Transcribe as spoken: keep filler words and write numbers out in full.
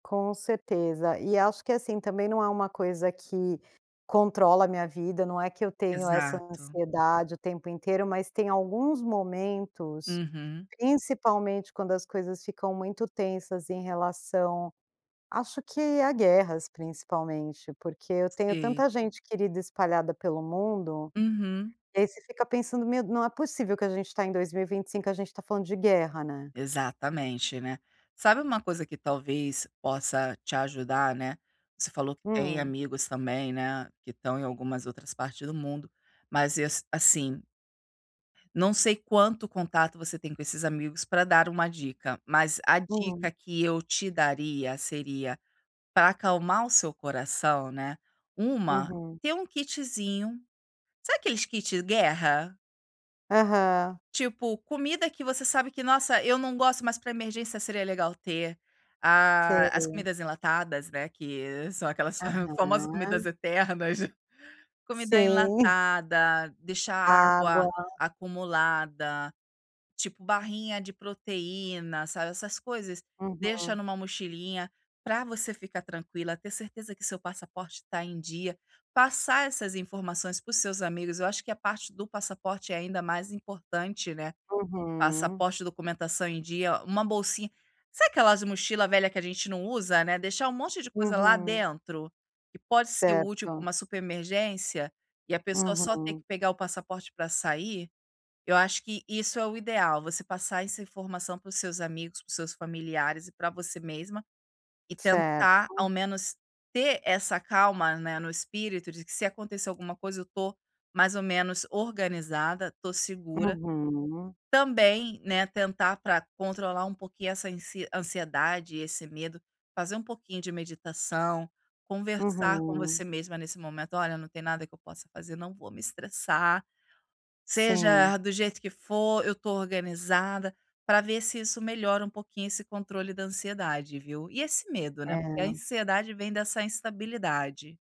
Com certeza, e acho que, assim, também, não é uma coisa que controla a minha vida, não é que eu tenho essa Exato. ansiedade o tempo inteiro, mas tem alguns momentos, Uhum. principalmente quando as coisas ficam muito tensas em relação acho que a guerras principalmente, porque eu tenho Sei. tanta gente querida espalhada pelo mundo, Uhum. e aí você fica pensando, "Meu não é possível que a gente está em dois mil e vinte cinco a gente está falando de guerra né"? Exatamente, né. Sabe, uma coisa que talvez possa te ajudar, né, você falou que tem Hum? amigos, também, né, que estão em algumas outras partes do mundo, mas, eh, assim, não sei quanto contato você tem com esses amigos, para dar uma dica, mas a Hum? dica que eu te daria seria, para acalmar o seu coração, né, uma, Uhum. ter um kitzinho, sabe, aqueles kit guerra? Aham. Tipo comida que você sabe que nossa, eu não gosto, mas para emergência seria legal ter, ah, as Sei. comidas enlatadas, não é que são aquelas famosas Aham. comidas eternas, comida Sim. enlatada, deixar água Água. acumulada, tipo barrinha de proteína, sabe, essas coisas, deixa Uhum. em uma mochilinha, para você ficar tranquila, ter certeza que seu passaporte está em dia, passar essas informações para os seus amigos, eu acho que a parte do passaporte é ainda mais importante, né, Aham. passaporte, documentação em dia, uma bolsinha. Sabe, aquelas mochila velha que a gente não usa, né, deixar um monte de coisa lá Uhum. dentro, que pode ser útil para Certo. uma super emergência, e a pessoa só ter que Uhum. pegar o passaporte para sair, eu acho que isso é o ideal, você passar essa informação para os seus amigos, para os seus familiares e para você mesma, e tentar ao Certo. menos ter essa calma, né, no espírito de que se acontecer alguma coisa, eu estou mais ou menos organizada, estou segura, Uhum. também, né, tentar para controlar um pouquinho essa ansi ansiedade e esse medo, fazer um pouquinho de meditação, conversar com Uhum. você mesma nesse momento, "Olha não tem nada que eu possa fazer, não vou me estressar, Sim. seja do jeito que for, eu estou organizada", para ver se isso melhora um pouquinho esse controle da ansiedade viu? E esse medo né, porque a É. ansiedade vem dessa instabilidade.